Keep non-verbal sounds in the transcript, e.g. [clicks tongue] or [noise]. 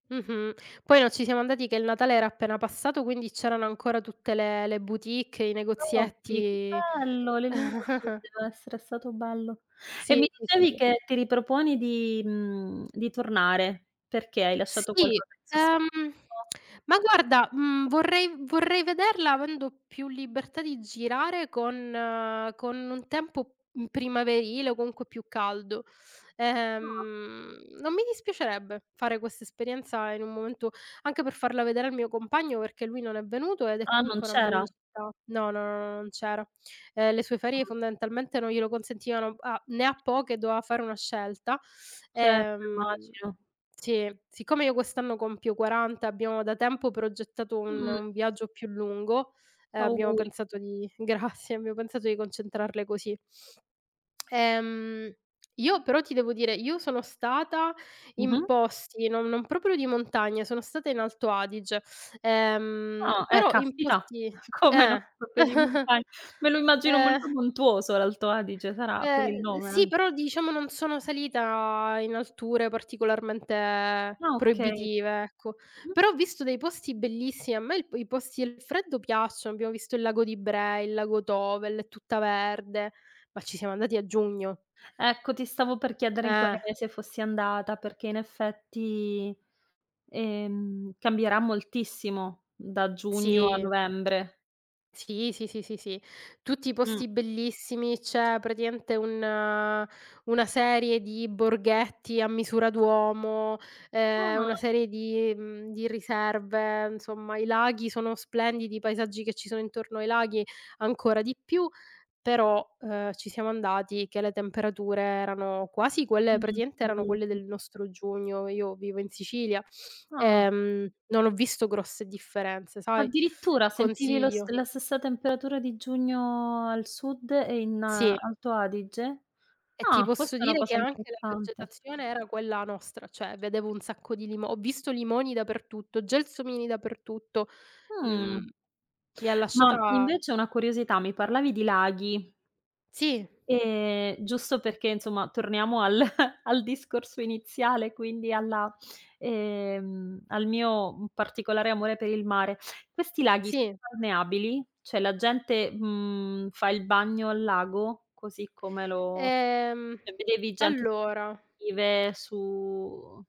Mh-mh. Poi noi ci siamo andati che il Natale era appena passato, quindi c'erano ancora tutte le le boutique, i [unintelligible] Che negozietti bello le luci, [chuckles] Ah-ah. deve essere stato bello. E Sì, mi sì, dicevi sì. che ti riproponi di mhmm, di tornare. Perché hai lasciato Sì, qualcosa in sos ehm, [unintelligible] [clicks tongue] ma guarda, mhmm, vorrei vorrei vederla avendo più libertà di girare con con un tempo, mhmm, primaverile o comunque più caldo. Ah. Ehm, non mi dispiacerebbe fare questa esperienza in un momento anche per farla vedere al mio compagno, perché lui non è venuto ed è Ah, non comunque una c'era? bella città no, no, no, non c'era. Ehm, le sue ferie Mh. fondamentalmente non glielo consentivano. Ha ne ha [unintelligible] poche e doveva fare una scelta. Certo, Ehm immagino. sì, siccome io quest'anno compio 40, e abbiamo da tempo progettato un Mh. un viaggio più lungo, ehm, abbiamo Auguri. pensato di grazie, abbiamo pensato di concentrarle così. [clicks tongue] Ehm, io però ti devo dire, io sono stata Mh-mh. in posti non non proprio di montagna, sono stata in Alto Adige, ehm, Ah, eh però in caspita, posti [chuckles] come no? eh. [unintelligible] di [chuckles] montagna. Me lo immagino molto Ehm montuoso l'Alto Adige, sarà per Eh, il uhm, nome sì, anche. però diciamo non sono salita in alture particolarmente Ah, okay. proibitive, ecco. Mh. Però ho visto dei posti bellissimi. A me il p i posti e il freddo piacciono. Abbiamo visto il lago di Braies, il lago Tovel, è tutta verde. Ma ci siamo andati a giugno. Ecco, ti stavo per chiedere in quale Eh. mese fossi andata, perché in effetti, ehm, cambierà moltissimo da giugno a Sì. novembre. Sì, sì, sì, sì, sì. Tutti Mh. posti bellissimi. C'è praticamente un una serie di borghetti a misura d'uomo, ehm, una Ah. serie di mhmm, di riserve, insomma, i laghi sono splendidi, i paesaggi che ci sono intorno ai laghi ancora di più. Però, uhm, ci siamo andati che le temperature erano quasi quelle praticamente erano quelle [unintelligible] del nostro giugno. Io vivo in Sicilia, Ah. ehm, non ho visto grosse differenze, sai? Addirittura sentivi lo st Consiglio. la stessa temperatura di giugno al sud e in Sì. Alto Adige? E ti Ah, posso questa è una dire che cosa anche la interessante. vegetazione era quella nostra, cioè vedevo un sacco di limo ho visto limoni dappertutto, gelsomini dappertutto. Mhmm, Mh. mi ha Ma lasciata invece una curiosità: mi parlavi di laghi Sì. ehm, giusto perché insomma torniamo al [chuckles] al discorso iniziale, quindi alla ehm, al mio, mhmm, particolare amore per il mare. Questi laghi [unintelligible] Sì. balneabili? Cioè la gente, mhmm, fa il bagno al lago così come lo Ehm, cioè vedevi gente [unintelligible] allora vive su